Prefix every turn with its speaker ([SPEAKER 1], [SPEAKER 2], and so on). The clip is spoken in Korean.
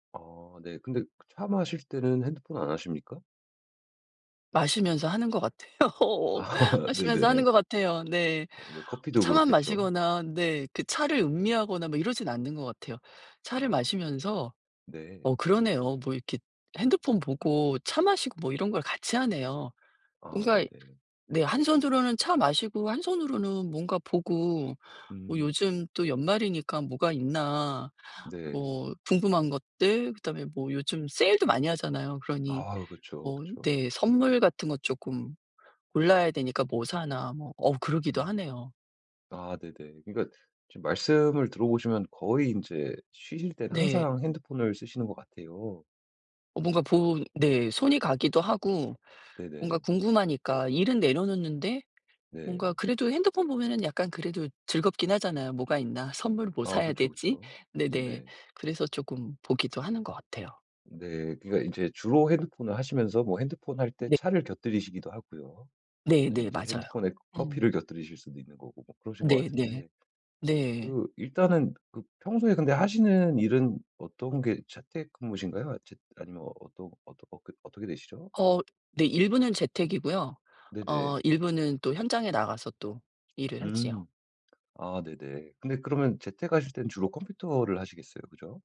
[SPEAKER 1] 아 네. 근데 그 차 마실 때는 핸드폰 안 하십니까?
[SPEAKER 2] 마시면서 하는 것 같아요.
[SPEAKER 1] 아
[SPEAKER 2] 마시면서 하는
[SPEAKER 1] 네네.
[SPEAKER 2] 것 같아요. 네.
[SPEAKER 1] 네
[SPEAKER 2] 뭐
[SPEAKER 1] 커피도
[SPEAKER 2] 차만
[SPEAKER 1] 그렇겠죠.
[SPEAKER 2] 마시거나 네 그 차를 음미하거나 뭐 이러진 않는 것 같아요. 차를
[SPEAKER 1] 아.
[SPEAKER 2] 마시면서 어
[SPEAKER 1] 네.
[SPEAKER 2] 그러네요. 뭐 이렇게 핸드폰 보고 차 마시고 뭐 이런 걸 같이 하네요.
[SPEAKER 1] 아
[SPEAKER 2] 뭔가
[SPEAKER 1] 네네.
[SPEAKER 2] 네. 한 손으로는 차 마시고 한 손으로는 뭔가 보고 뭐
[SPEAKER 1] 음.
[SPEAKER 2] 요즘 또 연말이니까 뭐가 있나
[SPEAKER 1] 네.
[SPEAKER 2] 뭐 궁금한 것들 그다음에 뭐 요즘 세일도 많이 하잖아요. 그러니
[SPEAKER 1] 아 그쵸,
[SPEAKER 2] 뭐
[SPEAKER 1] 그쵸.
[SPEAKER 2] 네. 선물 같은 거 조금 골라야 되니까 '뭐 사나.' 뭐 어우 그러기도
[SPEAKER 1] 음.
[SPEAKER 2] 하네요.
[SPEAKER 1] 아 네네. 그러니까 지금 말씀을 들어보시면 거의 인제 쉬실 땐
[SPEAKER 2] 네.
[SPEAKER 1] 항상 핸드폰을 쓰시는 것 같아요.
[SPEAKER 2] 뭔가 본 네. 손이 가기도 하고 뭔가
[SPEAKER 1] 네네.
[SPEAKER 2] 궁금하니까 일은 내려놓는데 뭔가
[SPEAKER 1] 네.
[SPEAKER 2] 그래도 핸드폰 보면은 약간 그래도 즐겁긴 하잖아요. '뭐가 있나? 선물을 뭐
[SPEAKER 1] 아
[SPEAKER 2] 사야
[SPEAKER 1] 그쵸,
[SPEAKER 2] 되지?'
[SPEAKER 1] 그쵸.
[SPEAKER 2] 네네.
[SPEAKER 1] 네네.
[SPEAKER 2] 그래서 쪼끔 보기도 하는 것 같아요.
[SPEAKER 1] 네. 그러니까 이제 주로 핸드폰을 하시면서 뭐 핸드폰 할 때
[SPEAKER 2] 네.
[SPEAKER 1] 차를 곁들이시기도 하고요. 그다음에
[SPEAKER 2] 네네.
[SPEAKER 1] 인제
[SPEAKER 2] 맞아요.
[SPEAKER 1] 핸드폰에
[SPEAKER 2] 음.
[SPEAKER 1] 커피를 곁들이실 수도 있는 거고 뭐 그러신 것
[SPEAKER 2] 네네.
[SPEAKER 1] 같은데
[SPEAKER 2] 네.
[SPEAKER 1] 그 일단은 그 평소에 근데 하시는 일은 어떤 게 재택근무신가요? 재 아니면 어떠 어떠 어 그 어떻게 되시죠?
[SPEAKER 2] 어 네 일부는 재택이고요.
[SPEAKER 1] 네네.
[SPEAKER 2] 어 일부는 또 현장에 나가서 또 일을 하지요.
[SPEAKER 1] 음. 아 네네. 근데 그러면 재택 하실 때는 주로 컴퓨터를 하시겠어요, 그죠?